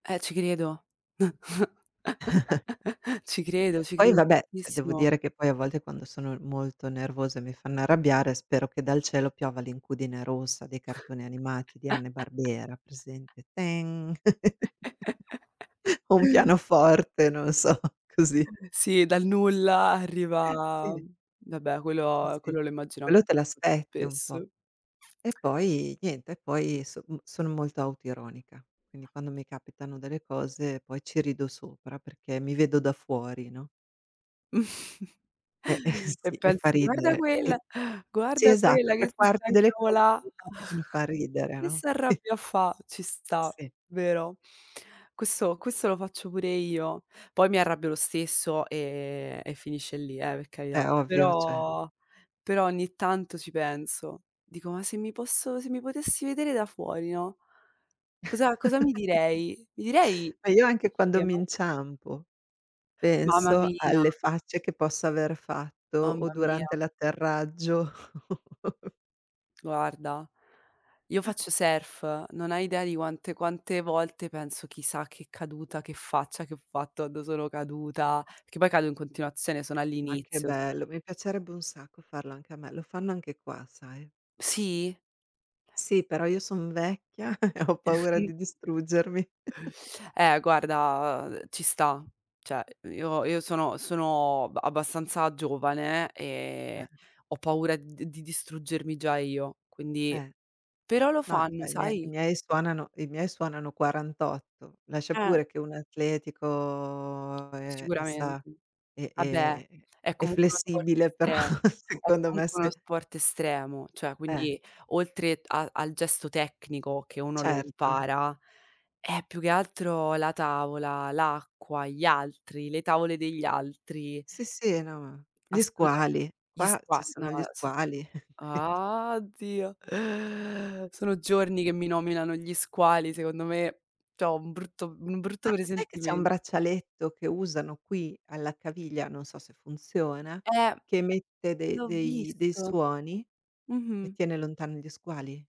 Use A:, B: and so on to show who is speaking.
A: Eh ci credo. Ci credo, ci
B: Poi
A: credo
B: vabbè, cioè devo
A: tantissimo.
B: dire che poi a volte quando sono molto nervosa e mi fanno arrabbiare, spero che dal cielo piova l'incudine rossa dei cartoni animati di Hanna e Barbera presente? Teng! O un pianoforte, non so, così.
A: Sì, dal nulla arriva
B: Sì.
A: vabbè
B: Sì
A: quello,
B: sì,
A: quello lo immagino an
B: quello te
A: [unintelligible] più
B: l'aspetti un po'.
A: spesso.
B: E poi niente e poi so m sono molto autoironica. Quindi, quando mi capitano delle cose poi ci rido sopra perché mi vedo da fuori, no? E e
A: E
B: sì, e fa
A: pensi: “Guarda
B: ridere e
A: quella
B: sì
A: guarda
B: esatto,
A: quella che
B: tre
A: si sta a
B: quarti delle cose che mi
A: incavola,
B: capitano fan ridere,
A: che
B: no, qui
A: s'arrabbia a fa." Ci sta,
B: Sì.
A: vero? Questo questo lo faccio pure io. Poi, mi arrabbio lo stesso, ehm, e finisce lì, eh, per
B: Beh
A: carità.
B: ovvio, cioè.
A: Però, però, ogni tanto, ci penso. Dico: “Ma se mi posso, se mi potessi vedere da fuori, no?” Cosa, cosa mi direi? Mi direi:
B: Ma io anche
A: "sei
B: quando mi
A: scema?"
B: inciampo,
A: Mamma
B: penso
A: mia.
B: alle facce che posso aver fatto, o
A: Mamma mia.
B: durante l'atterraggio.
A: Guarda, io faccio surf, non hai idea di quante quante volte penso: "Chissà che caduta, che faccia che ho fatto, quando sono caduta", perché poi cado in continuazione, sono
B: Ma che
A: all'inizio.
B: bello, mi piacerebbe un sacco farlo anche a me, lo fanno anche qua sai?
A: Sì?
B: Sì però io son vecchia e ho
A: Eh
B: paura
A: sì.
B: di distruggermi.
A: Eh, guarda, uhm, ci sta. Cioè, io io sono sono ba abbastanza giovane
B: Eh.
A: e ho paura d di distruggermi già io, quindi
B: Eh,
A: però, lo
B: no,
A: fanno,
B: cioè, i mie i
A: sai?
B: miei suonano i miei suonano 48. Lascia
A: Eh.
B: pure che uno è atletico e e,
A: Sicuramente.
B: sa e
A: Ah beh,
B: e
A: è
B: è
A: comunque uno sport
B: flessibile, però,
A: estremo è
B: secondo me,
A: comunque uno
B: se
A: sport estremo, cioè
B: Eh.
A: quindi oltre t a al gesto tecnico che uno lo
B: Certo.
A: impara, è più che altro la tavola, l'acqua, gli altri, le tavole degli altri
B: Sì sì, no ma gli
A: Assolutame
B: squali.
A: gli
B: Qua ci
A: squa no,
B: sono gli
A: no, s
B: squali, quindi
A: Ah! Oddio, sono giorni che mi nominano gli squali. Secondo me, c'ho un brutto un brutto
B: Ma sai che c'è un
A: presentimen
B: braccialetto che usano qui alla caviglia, non so se funziona,
A: Eh,
B: che emette de
A: l'ho
B: dei dei
A: visto.
B: suoni e
A: Mh-mh.
B: tiene lontani gli squali?